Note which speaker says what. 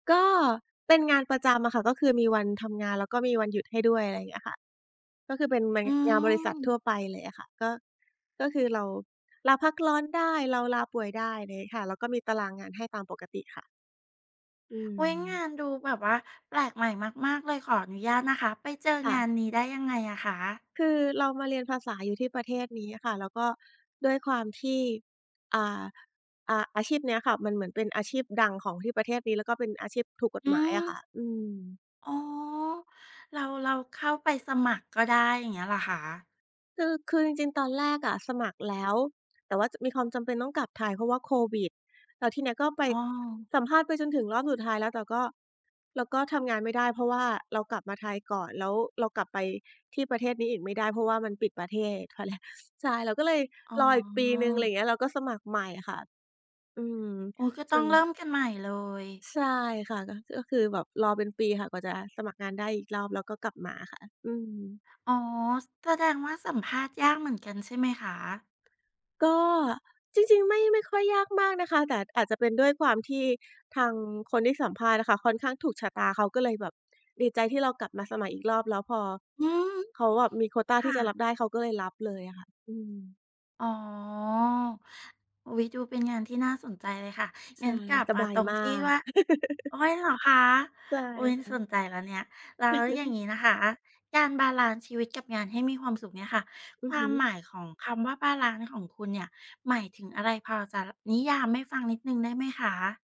Speaker 1: ก็เป็นงานประจำอะค่ะ ก็คือมีวันทำงาน แล้วก็มีวันหยุดให้ด้วย อะไรอย่างเงี้ยค่ะ ก็คือเป็นแม
Speaker 2: อ
Speaker 1: ง
Speaker 2: ื
Speaker 1: งานบริษัทท
Speaker 2: ม
Speaker 1: ั่วไปเลยอะค่ะ ก็ ก็คือเรา ลาพักร้อนได้ เราลาป่วยได้ ไรงี้ค่ะ แล้วก็มีตารางงานให้ตามปกติค่ะ อื
Speaker 2: อุ๊ย! ง
Speaker 1: ม
Speaker 2: านดูแบบว่าแปลกใหม่มาก ๆ เลย ขออนุญาตนะคะ ไปเจอ
Speaker 1: ค่
Speaker 2: งา
Speaker 1: ะ
Speaker 2: นนี้ได้ยังไงอะคะ?
Speaker 1: คือเรามาเรียนภาษาอยู่ที่ประเทศนี้อะค่ะ แล้วก็ด้วยความที อ่า อา อาชีพเนี้ยค่ะ มันเหมือนเป็นอาชีพดังของที่ประเทศนี้ ก็เป็นอาชีพถูกกฎ
Speaker 2: อื
Speaker 1: หมายอะค่ะ
Speaker 2: ม
Speaker 1: อืม
Speaker 2: อ๋อ เรา เราเข้าไปสมัครก็ได้ อย่างเงี้ยเหรอคะ?
Speaker 1: คือ คือจริง ๆ ตอนแรกอะสมัครแล้ว แต่ว่า จ มีความจำเป็นต้องกลับไทย เพราะว่าโควิด แล้วทีนี้ก็ไป
Speaker 2: อ้อ
Speaker 1: สัมภาษณ์ไปจนถึงรอบสุดท้ายแล้ว เราก็ เราก็ทำงานไม่ได้ เพราะว่าเรากลับมาไทยก่อน แล้วเรากลับไปที่ประเทศนี้อีกไม่ได้ เพราะว่ามันปิดประเทศ เขาเลย ใช่ เราก็เลย
Speaker 2: อ๋อ
Speaker 1: รออีกปีหนึ่ง ไรอย่างเงี้ย เราก็สมัครใหม่อะค่ะ อืม
Speaker 2: โอ้ ก็
Speaker 1: จ
Speaker 2: ต้องเริ่
Speaker 1: น
Speaker 2: มกันใหม่เลย
Speaker 1: ใช่ค่ะ ก็ จ ก็คือแบบรอเป็นปีค่ะ กว่าจะสมัครงานได้อีกรอบ แล้วก็กลับมาค่ะ อืม
Speaker 2: อ๋อ ซ แสดงว่าสัมภาษณ์ยากเหมือนกันใช่ไหมคะ?
Speaker 1: ก็ จริง ๆ ไม่ ไม่ค่อยยากมากนะคะ แต่อาจจะเป็นด้วยความที่ทางคนที่สัมภาษณ์อะค่ะ ค่อนข้างถูกชะตา เขาก็เลยแบบ ดีใจที่เรากลับมาสมัครอีกรอบ แล้วพอ
Speaker 2: อืม
Speaker 1: เขาแบบมีโควตา
Speaker 2: ค
Speaker 1: ท
Speaker 2: ่
Speaker 1: ี่จะร
Speaker 2: ะ
Speaker 1: ับได้ เขาก็เลยรับเลยอะค่ะ อืม
Speaker 2: อ๋อ อุ๊ย ดูเป็นงานที่น่าสนใจเลยค่ะ
Speaker 1: ใช
Speaker 2: งั
Speaker 1: ่
Speaker 2: ้นกลับ
Speaker 1: ส
Speaker 2: ม
Speaker 1: บ
Speaker 2: า
Speaker 1: า
Speaker 2: ต
Speaker 1: ย
Speaker 2: รง
Speaker 1: มา
Speaker 2: ที่
Speaker 1: ก
Speaker 2: ว่า โอ๊ย เหรอคะ?
Speaker 1: ใช่
Speaker 2: อุ๊ย
Speaker 1: ค่
Speaker 2: ส
Speaker 1: ะ
Speaker 2: นใจแล้วเนี่ย แล้วอย่างนี้นะคะ การบาลันซ์ชีวิตกับงานให้มีความสุขเนี่ยค่ะ
Speaker 1: อื
Speaker 2: ค
Speaker 1: อ
Speaker 2: ว
Speaker 1: ฮ
Speaker 2: า
Speaker 1: ึ
Speaker 2: มหมายของคำว่าบาลันซ์ของคุณเนี่ย หมายถึงอะไร พอจะ ล นิยามให้ฟังนิดหนึ่งได้ไหมคะ?